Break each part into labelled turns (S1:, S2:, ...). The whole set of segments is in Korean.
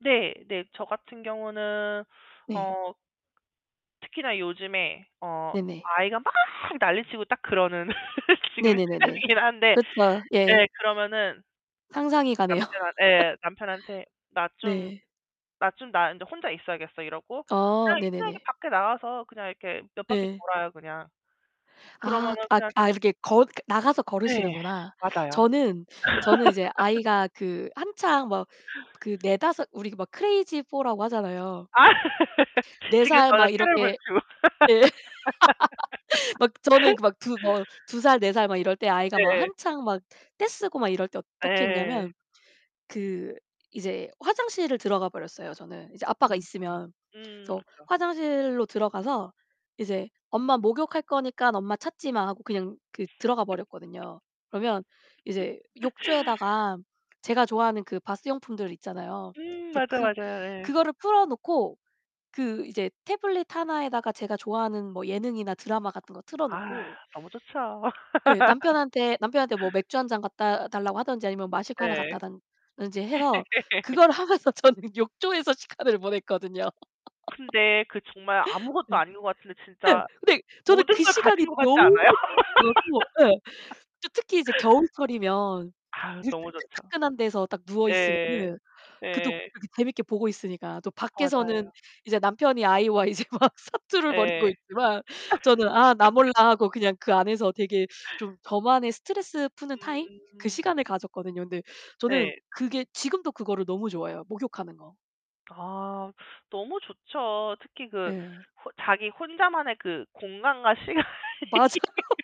S1: 네. 네. 저 같은 경우는
S2: 네.
S1: 어 특히나 요즘에 어
S2: 네네.
S1: 아이가 막 난리치고 딱 그러는 지금
S2: 네네네네.
S1: 시간이긴 한데
S2: 그렇죠. 예.
S1: 예. 그러면은
S2: 상상이 가네요.
S1: 남편 예. 남편한테 "나 좀,
S2: 네.
S1: 나 좀 나 인제 혼자 있어야겠어." 이러고
S2: 아,
S1: 그냥 [unintelligible]
S2: 네네네.
S1: 밖에 나가서 그냥 이렇게 몇 바퀴
S2: 네.
S1: 돌아요. 그냥.
S2: 아
S1: 그러면은
S2: 아
S1: 그냥
S2: 아
S1: 좀
S2: 이렇게 걷 나가서
S1: 네,
S2: 걸으시는구나.
S1: 맞아요.
S2: 저는 저는 이제 아이가 그 한창 막 그 4-5, 우리 막 크레이지 포라고 하잖아요.
S1: 아
S2: 4
S1: 지금
S2: 살 막
S1: 저는
S2: 이렇게 예. 막 저는
S1: [unintelligible]
S2: 막 두 뭐 2 살, 4 살 막 이럴 때 아이가
S1: 네,
S2: 막
S1: 예.
S2: 한창 막 떼쓰고 막 이럴 때 어떻게
S1: 예.
S2: 했냐면 그 이제 화장실을 들어가버렸어요. 저는. 이제 아빠가
S1: 음음.
S2: 있으면.
S1: 음
S2: 그래서
S1: 그렇죠.
S2: 화장실로 들어가서 "이제 엄마 목욕할 거니까 엄마 찾지마." 하고 그냥 그 들어가버렸거든요. 그러면 이제 욕조에다가 제가 좋아하는 그 바스용품들 있잖아요.
S1: 음,
S2: 그래서
S1: 맞아
S2: 그
S1: 맞아요. 예.
S2: 그거를 풀어놓고 그 이제 태블릿 하나에다가 제가 좋아하는 뭐 예능이나 드라마 같은 거
S1: 아
S2: 틀어놓고
S1: 너무 좋죠.
S2: 예 남편한테 남편한테 뭐 맥주 한 잔 갖다 달라고 하든지 아니면 마실 거 하나
S1: 네.
S2: 갖다 당 든지 해서 그걸 하면서 저는 욕조에서 시간을 보냈거든요.
S1: 근데 그 정말
S2: 네.
S1: 아무것도 아닌 것 같은데
S2: 네
S1: 진짜
S2: 근데 저는
S1: 모든
S2: 그
S1: 걸 가진
S2: 시간이
S1: 것 같지
S2: 너무
S1: 않아요?
S2: [unintelligible] 예. 저 특히 이제 겨울철이면
S1: 아
S2: 물
S1: 너무 좋죠.
S2: 따끈따끈한 데서 딱
S1: 예예예.
S2: 누워있으면은 그것도
S1: 예예예.
S2: 재밌게 보고 있으니까. 또 밖에서는
S1: 맞아요.
S2: 이제 남편이 아이와 이제 막 사투를 벌이고
S1: 예예예.
S2: 있지만 저는 아 나 몰라 하고 그냥 그 안에서 되게 좀 저만의 스트레스 푸는 타임? 그
S1: 음.
S2: 시간을 가졌거든요. 근데 저는
S1: 네.
S2: 그게 지금도 그거를 너무 좋아해요. 목욕하는 거.
S1: 아 너무 좋죠. 특히 그
S2: 예.
S1: 혼 자기 혼자만의 그 공간과 시간이
S2: 맞아요,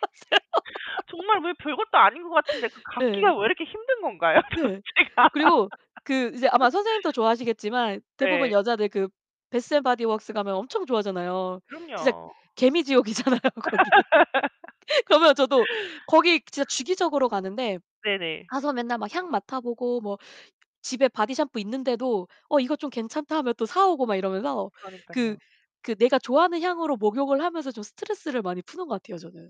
S2: 맞아요.
S1: 정말 왜 별것도 아닌 것 같은데 그
S2: 예.
S1: 갖기가 왜 이렇게 힘든 건가요?
S2: 네.
S1: 도대체가
S2: 그리고 그 이제 아마 선생님도 좋아하시겠지만 대부분
S1: 네.
S2: 여자들 그 배스 앤 바디웍스 가면 엄청 좋아하잖아요. 진짜
S1: 그럼요.
S2: 개미지옥이잖아요. 거기. 그러면 저도 거기 진짜 주기적으로 가는데
S1: 네네.
S2: 가서 맨날 막 향 맡아보고 뭐 집에 바디샴푸 있는데도 어 이거 좀 괜찮다 하면 또 사오고 막 이러면서 그
S1: 그러니깐요.
S2: 그 내가 좋아하는 향으로 목욕을 하면서 좀 스트레스를 많이 푸는 것 같아요. 저는.